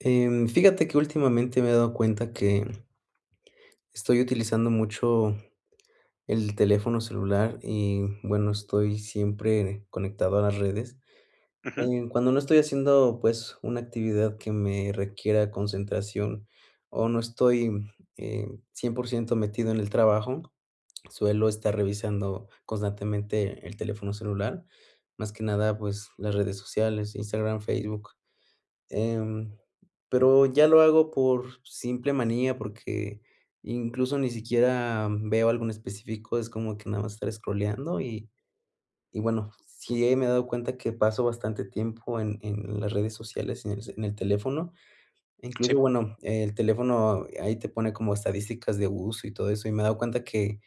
Em, fíjate que últimamente me he dado cuenta que estoy utilizando mucho el teléfono celular y bueno, estoy siempre conectado a las redes. Ujú. Em, cuando no estoy haciendo, pues una actividad que me requiera concentración o no estoy, eh, 100 metido en el trabajo, suelo estar revisando constantemente el teléfono celular, más que nada, pues las redes sociales, Instagram, Facebook, em, pero ya lo hago por simple manía, porque incluso ni siquiera veo algo en específico. Es como que nada más estar scrollando. Y y bueno, sí me he dado cuenta que paso bastante tiempo en en las redes sociales en el en el teléfono incluso Síp. bueno, el teléfono ahí te pone como estadísticas de uso y todo eso y me he dado cuenta que,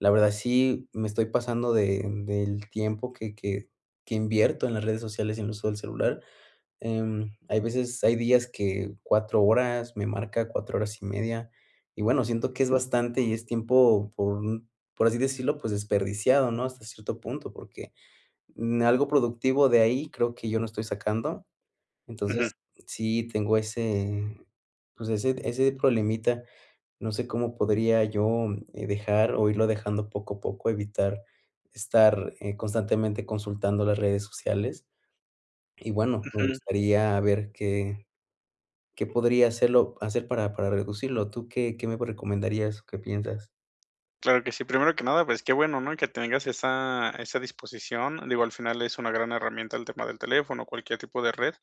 la verdad sí me estoy pasando de del tiempo que que que invierto en las redes sociales en el uso del celular. Em, hay veces, hay días que cuatro horas me marca cuatro horas y media. Y bueno, siento que es bastante y es tiempo por por así decirlo, pues desperdiciado, ¿no? Hasta cierto punto, porque em, algo productivo de ahí creo que yo no estoy sacando. Ujú. Entonces sí tengo ese, pues ese ese problemita. No sé cómo podría yo dejar o irlo dejando poco a poco evitar estar, eh, constantemente consultando las redes sociales. Y bueno, me Ujú. gustaría ver qué que podría hacerlo hacer para, para reducirlo. ¿Tú qué? ¿Qué me recomendarías o qué piensas? Claro que sí. Primero que nada, pues qué bueno, ¿no? Que tengas esa esa disposición. Digo, al final es una gran herramienta el tema del teléfono o cualquier tipo de red.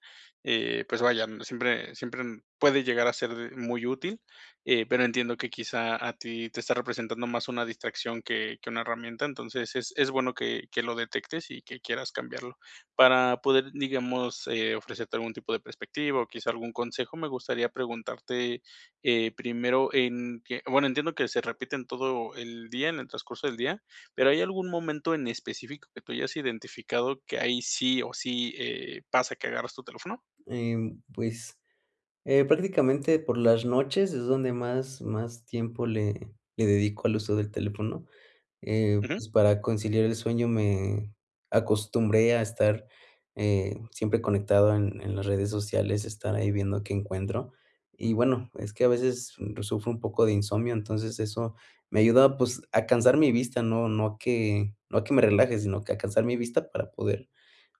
Eh, pues vaya, siempre siempre puede llegar a ser muy útil, eh, pero entiendo que quizá a ti te está representando más una distracción que que una herramienta. Entonces es es bueno que que lo detectes y que quieras cambiarlo. Para poder, digamos, eh, ofrecerte algún tipo de perspectiva o quizá algún consejo, me gustaría preguntarte eh, primero en que, bueno, entiendo que se repiten todo el día en el transcurso del día, pero, ¿hay algún momento en específico que tú hayas identificado que ahí sí o sí, eh, pasa que agarras tu teléfono? Em, pues, eh, prácticamente por las noches es donde más más tiempo le le dedico al uso del teléfono, eh, Ujú. pues para conciliar el sueño me acostumbré a estar, eh, siempre conectado en en las redes sociales, estar ahí viendo qué encuentro y bueno, es que a veces sufro un poco de insomnio. Entonces eso me ayuda pues a cansar mi vista. No no a que no a que me relaje, sino que a cansar mi vista para poder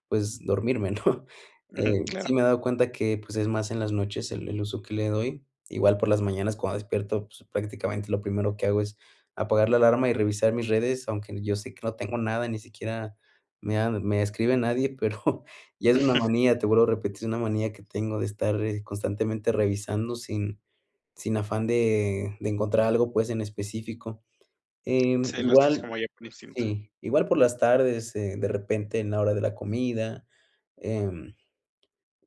pues dormirme, ¿no? Ujú, Eh, claro. sí me he dado cuenta que pues es más en las noches el el uso que le doy igual por las mañanas cuando despierto, pues prácticamente lo primero que hago es apagar la alarma y revisar mis redes, aunque yo sé que no tengo nada, ni siquiera me han me escribe nadie, pero ya es una Ujú. manía. Te vuelvo a repetir. Es una manía que tengo de estar, eh, constantemente revisando sin sin afán de de encontrar algo pues, en específico, em, Sí, lo haces igual. como ya por instinto. Sí, igual por las tardes, eh, de repente, en la hora de la comida, em,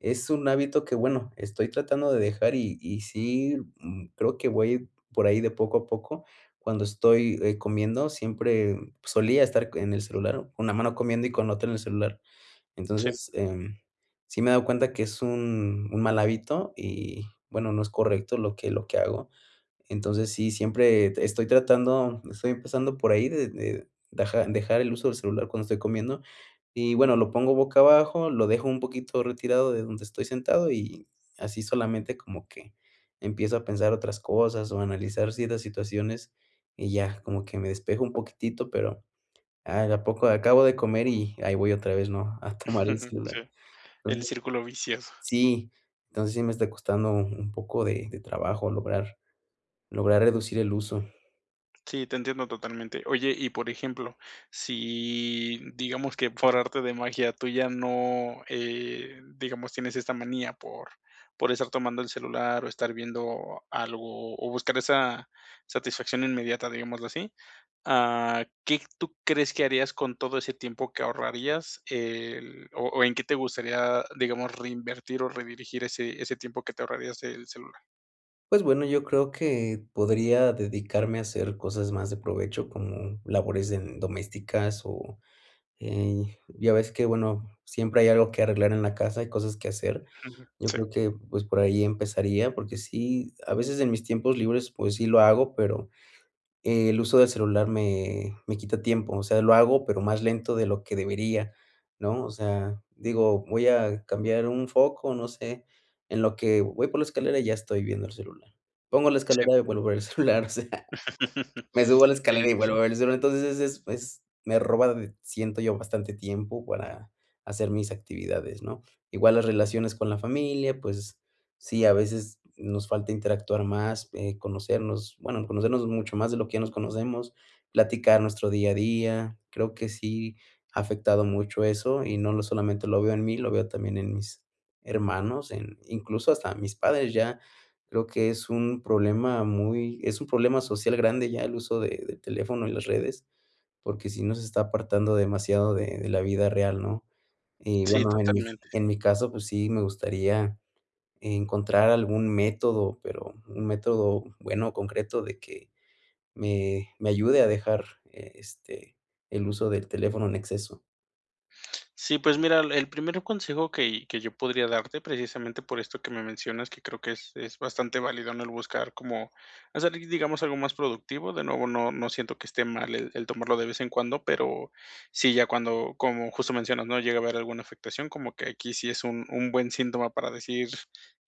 es un hábito que bueno, estoy tratando de dejar y y sí, mm, creo que voy por ahí de poco a poco. Cuando estoy, eh, comiendo siempre, pues solía estar en el celular con una mano comiendo y con la otra en el celular. Sí. Entonces, em, sí me he dado cuenta que es un un mal hábito y bueno, no es correcto lo que lo que hago. Entonces sí, siempre estoy tratando. Estoy empezando por ahí de de deja-dejar el uso del celular cuando estoy comiendo. Y bueno, lo pongo boca abajo, lo dejo un poquito retirado de donde estoy sentado y así solamente como que empiezo a pensar otras cosas o analizar ciertas situaciones y ya como que me despejo un poquitito, pero, ah, de a poco acabo de comer y ahí voy otra vez, ¿no? A tomar el celular. Sí, el Entonces círculo vicioso. sí Entonces sí me está costando un poco de de trabajo lograr lograr reducir el uso. Sí, te entiendo totalmente. Oye, y por ejemplo, si, mm, digamos que por arte de magia tuya no, eh, digamos tienes esta manía por por estar tomando el celular, o estar viendo algo, o buscar esa satisfacción inmediata, digámoslo así, ah, ¿qué tú crees que harías con todo ese tiempo que ahorrarías, el o o en qué te gustaría, digamos, reinvertir o redirigir ese ese tiempo que te ahorrarías del celular? Pues bueno, yo creo que podría dedicarme a hacer cosas más de provecho como labores en domésticas o, eh, y ya ves que bueno, siempre hay algo que arreglar en la casa y cosas que hacer. Ujú. Yo Sí. creo que, pues, por ahí empezaría, porque sí, a veces en mis tiempos libres, pues sí lo hago, pero el uso del celular me me quita tiempo. O sea, lo hago, pero más lento de lo que debería, ¿no?, o sea, digo, voy a cambiar un foco, no sé, en lo que voy por la escalera ya estoy viendo el celular. Pongo la Sí. escalera y vuelvo a ver el celular, o sea, me subo a la Sí, escalera y sí. vuelvo a ver el celu, entonces, es es es me roba d siento yo, bastante tiempo para hacer mis actividades, ¿no?, igual las relaciones con la familia, pues, sí, a veces nos falta interactuar más, eh, conocernos, bueno, conocernos mucho más, de lo que ya nos conocemos, platicar nuestro día a día. Creo que sí ha afectado mucho eso, y no lo solamente lo veo en mí, lo veo también en mis hermanos, en incluso hasta mis padres ya, creo que es un problema muy es un problema social grande ya el uso de del teléfono en las redes, porque si nos está apartando demasiado de de la vida real, ¿no? Y Sí, bueno, en mi totalmente. en mi caso, pues sí, me gustaría encontrar algún método pero, un método bueno, concreto de que me me ayude a dejar, este, el uso del teléfono en exceso. Sí, pues mira, el el primer consejo que que yo podría darte, precisamente por esto que me mencionas, que creo que es es bastante válido, ¿no?, el buscar cómo hacer, di digamos, algo más productivo, de nuevo, no no siento que esté mal el el tomarlo de vez en cuando, pero sí, ya cuando, como justo mencionas, ¿no?, llega a haber alguna afectación, como que aquí sí es un un buen síntoma para decir: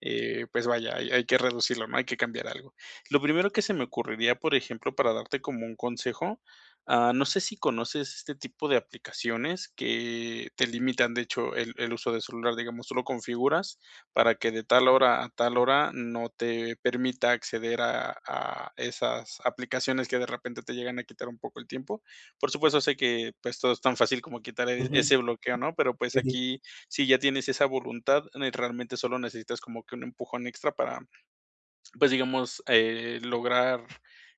"Eh, pues, vaya, hay hay que reducirlo, ¿no? Hay que cambiar algo". Lo primero que se me ocurriría, por ejemplo, para darte como un consejo, ah, no sé si conoces este tipo de aplicaciones que te limitan, de hecho, el el uso del celular, digamos, tú lo configuras para que de tal hora a tal hora no te permita acceder a a esas aplicaciones que de repente te llegan a quitar un poco el tiempo. Por supuesto, sé que, pues, todo es tan fácil como quitar, eh, Ujú. ese bloqueo, ¿no? Pero, pues, Pues sí. aquí, si ya tienes esa voluntad, ne realmente solo necesitas como que un empujón extra para, pues, digamos, eh, lograr,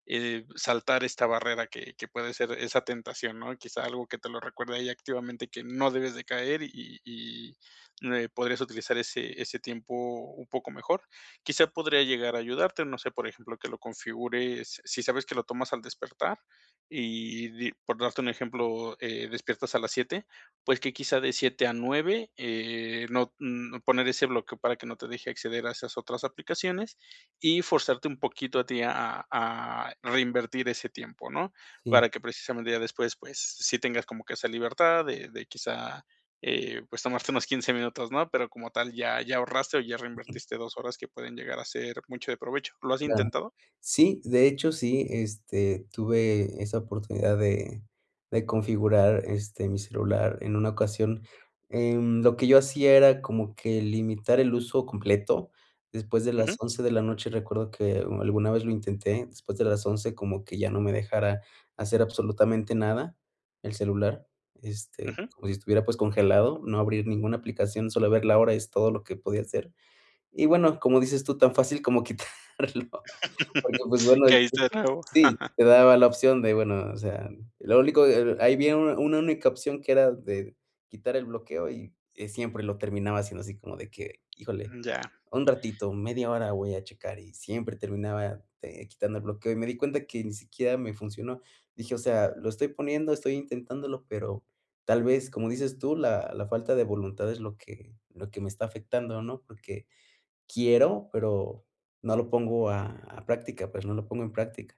eh, saltar esta barrera que que puede ser esa tentación, ¿no? Quizá algo que te lo recuerde ahí activamente, que no debes de caer, y y, mm, eh, podrías utilizar ese ese tiempo un poco mejor. Quizá podría llegar a ayudarte, no sé, por ejemplo, que lo configures, si sabes que lo tomas al despertar, y di por darte un ejemplo, eh, despiertas a las 7 pues que quizá de 7 a 9, eh, no mm, poner ese bloqueo para que no te deje acceder a esas otras aplicaciones y forzarte un poquito a ti a a a reinvertir ese tiempo, ¿no? Sí. Para que precisamente ya después, pues, sí tengas como que esa libertad de de quizá, eh, pues, tomarte unos 15 minutos, ¿no? Pero como tal ya ya ahorraste o ya Ujú. reinvertiste 2 horas que pueden llegar a ser mucho de provecho. ¿Lo has Claro. intentado? Sí, de hecho, sí, este, tuve esa oportunidad de de configurar, este, mi celular en una ocasión, em, lo que yo hacía era como que limitar el uso completo después de las Ujú. 11 de la noche. Recuerdo que u alguna vez lo intenté después de las 11, como que ya no me dejara hacer absolutamente nada el celular, este, Ujú. como si estuviera, pues, congelado, no abrir ninguna aplicación. Solo ver la hora es todo lo que podía hacer. Y, bueno, como dices tú, tan fácil como quitarlo, porque, pues bueno, ahí se Caiste de nuevo. Sí te daba la opción de, bueno, o sea, lo único, e el ahí viene una una única opción que era de quitar el bloqueo, y y siempre lo terminaba haciendo así, como de que: "Híjole, Mm, ya. un ratito, media hora voy a checar", y siempre terminaba, eh, quitando el bloqueo, y me di cuenta que ni siquiera me funcionó. Dije: "O sea, lo estoy poniendo. Estoy intentándolo", pero tal vez, como dices tú, la la falta de voluntad es lo que lo que me está afectando, ¿no? Porque quiero, pero no lo pongo a a práctica. Pues no lo pongo en práctica.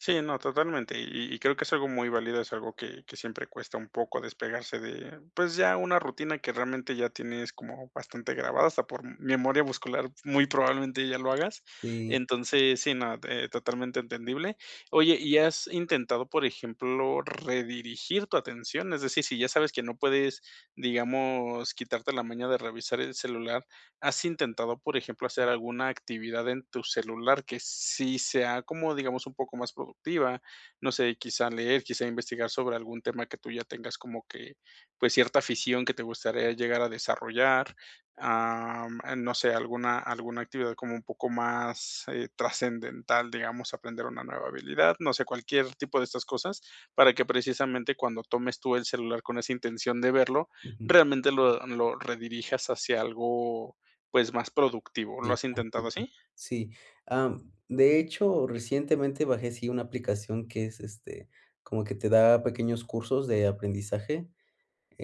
Sí, no, totalmente, y y creo que es algo muy válido. Es algo que que siempre cuesta un poco despegarse de pues, ya una rutina que realmente, ya tienes como bastante grabada hasta por memoria muscular, muy probablemente ya lo hagas. Sí. Entonces, sí, no, eh, totalmente entendible. Oye, ¿y has intentado, por ejemplo, redirigir tu atención? Es decir, si ya sabes que no puedes, digamos, quitarte la maña de revisar el celular, ¿has intentado, por ejemplo, hacer alguna actividad en tu celular que sí sea como, digamos, un poco más productiva?, no sé, quizá leer, quizá investigar sobre algún tema que tú ya tengas como que, pues, cierta afición que te gustaría llegar a desarrollar, am, am, no sé, alguna alguna actividad como un poco más, eh, trascendental, digamos, aprender una nueva habilidad. No sé, cualquier tipo de estas cosas, para que precisamente, cuando tomes tú el celular con esa intención de verlo, Ujú. realmente lo lo redirijas hacia algo, pues más productivo, ¿lo has intentado [unintelligible] así? Sí, am, de hecho, recientemente bajé sí, una aplicación que es, este, como que te da pequeños cursos de aprendizaje.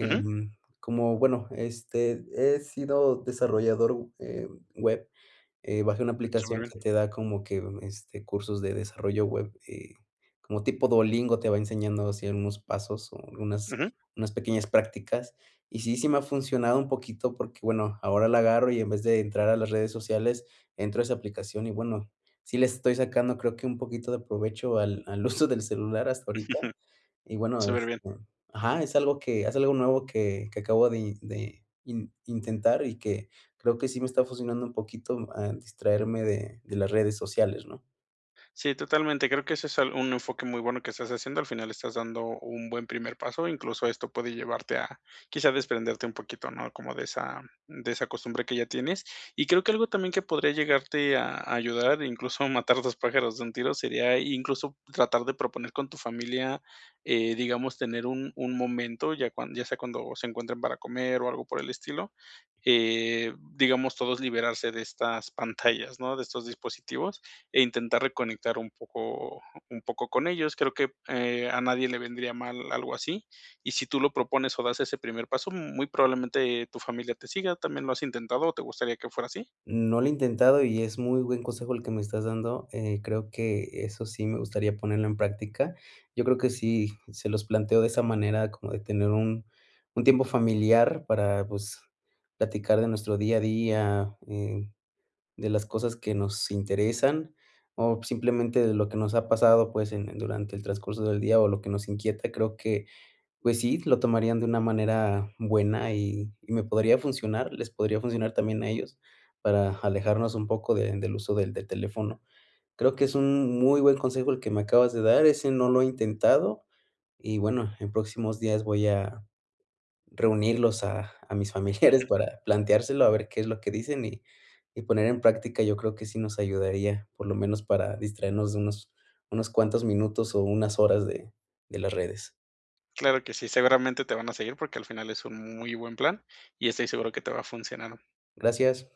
Ujú. como bueno este, he sido desarrollador, eh, web. Eh, bajé una aplicación Superbién. que te da como que ve este, cursos de desarrollo web, eh, como tipo Duolingo te va enseñando así unos pasos, o unas Ujú. unas pequeñas prácticas y sí, sí me ha funcionado un poquito porque bueno, ahora la agarro, y en vez de entrar a las redes sociales, entro a esa aplicación. Y bueno, sí, le estoy sacando creo que un poquito de provecho al al uso del celular hasta ahorita. Y bueno, Superbién. este, ajá. Es algo que es algo nuevo que que acabo de i de in intentar, y que creo que sí me está fusionando un poquito, en distraerme de de las redes sociales, ¿no? Sí, totalmente. Creo que eso es al un enfoque muy bueno que estás haciendo, al final estás dando un buen primer paso, incluso esto puede llevarte a quizá desprenderte un poquito, ¿no?, como de esa de esa costumbre que ya tienes. Y creo que algo también que podría llegarte a a ayudar, incluso matar dos pájaros de un tiro, sería incluso tratar de proponer con tu familia, eh, digamos tener un un momento ya cuan ya sea cuando se encuentren para comer o algo por el estilo, eh, digamos todos liberarse de estas pantallas, ¿no?, de estos dispositivos e intentar reconectar un poco un poco con ellos. Creo que, eh, a nadie le vendría mal algo así. Y si tú lo propones o das ese primer paso, mm, muy probablemente, eh, tu familia te siga. ¿También lo has intentado o te gustaría que fuera así? No lo he intentado y es muy buen consejo el que me estás dando. Eh, creo que eso sí me gustaría ponerlo en práctica. Yo creo que sí se los planteó de esa manera como de tener un un tiempo familiar para pues, platicar de nuestro día a día, eh, de las cosas que nos interesan o simplemente de lo que nos ha pasado, pues en en durante el transcurso del día o lo que nos inquieta. Creo que pues sí, lo tomarían de una manera buena y y me podría funcionar, les podría funcionar también a ellos para alejarnos un poco de del uso del del teléfono. Creo que es un muy buen consejo el que me acabas de dar. Ese no lo he intentado y bueno, en próximos días voy a reunirlos a a mis familiares para planteárselo a ver qué es lo que dicen y y poner en práctica. Yo creo que sí nos ayudaría por lo menos para distraernos de unos, unos cuantos minutos o unas horas de, de las redes. Claro que sí, seguramente te van a seguir porque al final es un muy buen plan y estoy seguro que te va a funcionar. Gracias.